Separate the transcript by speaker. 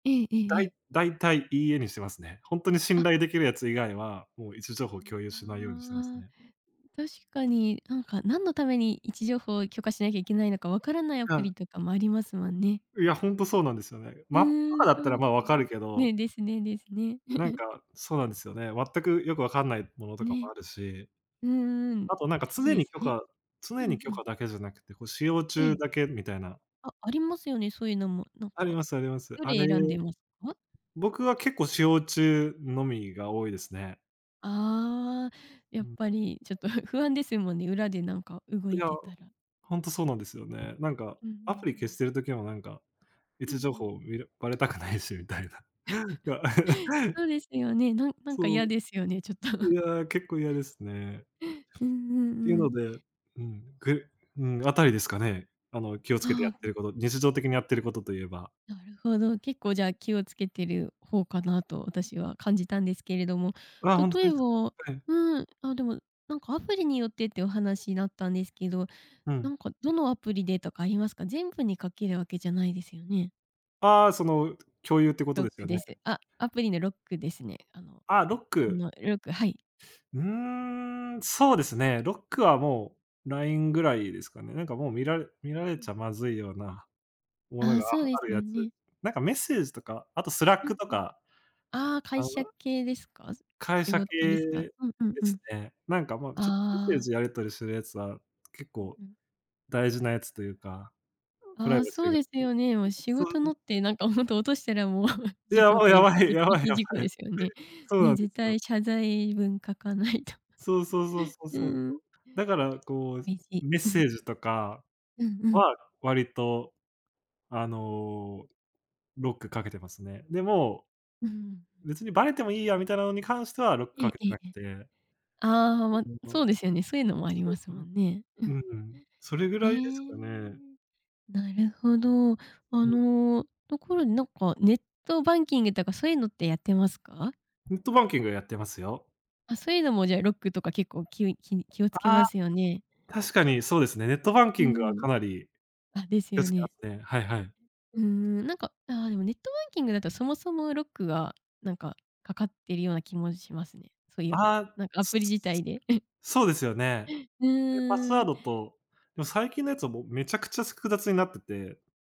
Speaker 1: ええええ
Speaker 2: だ
Speaker 1: え
Speaker 2: い
Speaker 1: え。
Speaker 2: 大体「いいえ」にしてますね。ほんとに
Speaker 1: あ。
Speaker 2: 信頼できるやつ以外は、もう位置情報共有しないようにしてます
Speaker 1: ああ。
Speaker 2: ね。
Speaker 1: 確かに、なんか、何のために位置情報を許可しなきゃいけないのか、わからないアプ
Speaker 2: は。
Speaker 1: リとかもありますも
Speaker 2: ほ
Speaker 1: んね。
Speaker 2: いや、ほんとそうなんですよね。
Speaker 1: う
Speaker 2: マップとか
Speaker 1: ん、
Speaker 2: だ
Speaker 1: そ
Speaker 2: った
Speaker 1: う
Speaker 2: ら、
Speaker 1: で
Speaker 2: ま
Speaker 1: す
Speaker 2: あ、分かる
Speaker 1: ね。
Speaker 2: けど
Speaker 1: ね、ですねですね。
Speaker 2: なん か、そうなんですよね。全くよくわかんないものとかも
Speaker 1: ね。
Speaker 2: あるし
Speaker 1: うんうん。大
Speaker 2: あとなんか
Speaker 1: 事
Speaker 2: 常
Speaker 1: で
Speaker 2: に
Speaker 1: す
Speaker 2: 許
Speaker 1: ね。
Speaker 2: 可
Speaker 1: う
Speaker 2: 常
Speaker 1: んう
Speaker 2: に許
Speaker 1: ん。
Speaker 2: 可だけじゃなくて、こう使用
Speaker 1: え
Speaker 2: 中
Speaker 1: え。
Speaker 2: だけみたいな。
Speaker 1: あ、ありますよね、そういうのも、なん
Speaker 2: あり
Speaker 1: か、
Speaker 2: ますあります。
Speaker 1: ど
Speaker 2: あれ、
Speaker 1: れ選んでますか？
Speaker 2: 僕は結構使用中のみが多いですね。
Speaker 1: ああ。や
Speaker 2: う
Speaker 1: っ
Speaker 2: ん。
Speaker 1: ぱりちょっとふ不安ですもんね、裏でなんか動
Speaker 2: い
Speaker 1: い
Speaker 2: や、
Speaker 1: てたら。
Speaker 2: ほんとそうなんですよね。なんか
Speaker 1: うんうんう
Speaker 2: アプリ消
Speaker 1: ん。
Speaker 2: してる時も、なんか、位
Speaker 1: うんう
Speaker 2: 置情
Speaker 1: ん。
Speaker 2: 報見るばれたくないしみたいな。が
Speaker 1: そうですよね、なんなんか
Speaker 2: そう。
Speaker 1: 嫌ですよね、ちょっと。
Speaker 2: い や、結構嫌ですね。
Speaker 1: うんう
Speaker 2: てい
Speaker 1: ん
Speaker 2: う
Speaker 1: う
Speaker 2: の
Speaker 1: ん。
Speaker 2: で、うん、くうん、あたりですかね、あの、気をつけてや
Speaker 1: あ
Speaker 2: っ
Speaker 1: あ、う
Speaker 2: て
Speaker 1: ん。
Speaker 2: ること、日常的にやってることと言えば。
Speaker 1: なるほど、結構じゃあ、気を付けてる方かなと、私は感じたんですけれども、
Speaker 2: あ、ほん
Speaker 1: 例
Speaker 2: と
Speaker 1: え
Speaker 2: で
Speaker 1: ば
Speaker 2: す
Speaker 1: う
Speaker 2: はい。
Speaker 1: ーん、ああ、でも、なんか、アプリによってってお話だったんですけど、
Speaker 2: う
Speaker 1: な
Speaker 2: ん。
Speaker 1: んか、どのアプリでとかありますか？全部にかけるわけじゃないですよね。
Speaker 2: ああ、その、う共有ってこと
Speaker 1: ロッ
Speaker 2: です
Speaker 1: ク
Speaker 2: よ
Speaker 1: で
Speaker 2: ね？
Speaker 1: す。あ、アプリのロックですね。あの、
Speaker 2: ああ、ロッ
Speaker 1: あ
Speaker 2: ク。
Speaker 1: の、ロックはい。
Speaker 2: うん、そうですね。ロックはもう、LINE ぐらいですかね。なんかもう見られ見
Speaker 1: うん
Speaker 2: られ
Speaker 1: う
Speaker 2: ち
Speaker 1: ん。
Speaker 2: ゃまずいようなもの
Speaker 1: ああ、
Speaker 2: が
Speaker 1: そうで
Speaker 2: あ
Speaker 1: す
Speaker 2: る
Speaker 1: よ
Speaker 2: やつ、
Speaker 1: ね。
Speaker 2: なんかメッセージとか、あと
Speaker 1: うん
Speaker 2: Slack と
Speaker 1: うん。
Speaker 2: か。
Speaker 1: ああ、
Speaker 2: あ、
Speaker 1: 会
Speaker 2: は
Speaker 1: 社系ですか？
Speaker 2: 会
Speaker 1: 仕
Speaker 2: 社
Speaker 1: 事ですか？
Speaker 2: 系
Speaker 1: うんうん
Speaker 2: で
Speaker 1: う
Speaker 2: す
Speaker 1: ん。
Speaker 2: ね。なんか、もう、ちょメッセー
Speaker 1: ああ。
Speaker 2: ジやり取りするやつは、結
Speaker 1: うん
Speaker 2: 構
Speaker 1: うん。
Speaker 2: 大事なやつというか、うプライ
Speaker 1: ああ、
Speaker 2: バシ
Speaker 1: そ
Speaker 2: ー
Speaker 1: う
Speaker 2: が、
Speaker 1: です
Speaker 2: うん、う
Speaker 1: よね。もう
Speaker 2: う、
Speaker 1: 仕
Speaker 2: そ
Speaker 1: 事の
Speaker 2: う。
Speaker 1: ってなんか、ほんと落としたらもう事
Speaker 2: や
Speaker 1: 故
Speaker 2: ば
Speaker 1: と
Speaker 2: い
Speaker 1: い
Speaker 2: や
Speaker 1: うか、
Speaker 2: ばい、
Speaker 1: セキ
Speaker 2: や
Speaker 1: ュリ
Speaker 2: ばい
Speaker 1: ティ
Speaker 2: や
Speaker 1: 事故
Speaker 2: ば
Speaker 1: で
Speaker 2: い。
Speaker 1: すよね。
Speaker 2: そう
Speaker 1: ね、
Speaker 2: なんで
Speaker 1: 絶
Speaker 2: すよ。
Speaker 1: 対謝罪文書かないと。
Speaker 2: そうそうそうそう
Speaker 1: うん
Speaker 2: そうそう、
Speaker 1: うん。
Speaker 2: だから、こう、
Speaker 1: めいし、
Speaker 2: メッ
Speaker 1: う
Speaker 2: セ
Speaker 1: ん。
Speaker 2: ージとか
Speaker 1: うんうん。
Speaker 2: は割と、あの、ロックかけてますね。でも、
Speaker 1: うんうんうん。
Speaker 2: 別にばれてもいいやみたいなのに関してはロック
Speaker 1: ええ
Speaker 2: かけて
Speaker 1: ええ
Speaker 2: なく
Speaker 1: ええ。
Speaker 2: て。
Speaker 1: ああ、
Speaker 2: あ
Speaker 1: ま、
Speaker 2: と
Speaker 1: そ
Speaker 2: は、
Speaker 1: うですよね。そういうのもあり
Speaker 2: そ
Speaker 1: ま
Speaker 2: う
Speaker 1: す
Speaker 2: か
Speaker 1: も
Speaker 2: な、
Speaker 1: んね。うん。
Speaker 2: う
Speaker 1: あ、
Speaker 2: ん。それぐ
Speaker 1: え
Speaker 2: らいです
Speaker 1: え。
Speaker 2: かね。
Speaker 1: なるほど。あ
Speaker 2: うん。
Speaker 1: の、ところでなんかネットバンキングとかそういうのってやってますか？
Speaker 2: ネットバンキングやってますよ。
Speaker 1: あ、そういうのもじゃあ、ロックとか結構きゅうい気に気をつけ
Speaker 2: ああ、
Speaker 1: ますよね？
Speaker 2: 確かにそうですね。ネットバン
Speaker 1: う
Speaker 2: キン
Speaker 1: んう
Speaker 2: グはか
Speaker 1: ん。
Speaker 2: なり。
Speaker 1: あ、です
Speaker 2: 気を
Speaker 1: よ
Speaker 2: つけ
Speaker 1: ね。
Speaker 2: まね。はいはい。
Speaker 1: うんうん、なんか、ああ、でもネットバンキングだと、そもそもロックが、なんか、かかってるような気もしますね。そういえば、
Speaker 2: ああ。
Speaker 1: なんかア
Speaker 2: つ
Speaker 1: プリ
Speaker 2: つ
Speaker 1: 自体
Speaker 2: つ
Speaker 1: で。うん。
Speaker 2: そうですよね。
Speaker 1: う
Speaker 2: え、パス
Speaker 1: ー
Speaker 2: ワー
Speaker 1: ん。
Speaker 2: ドと、でも最近のやつはもうめちゃくちゃ、すく複雑になってて。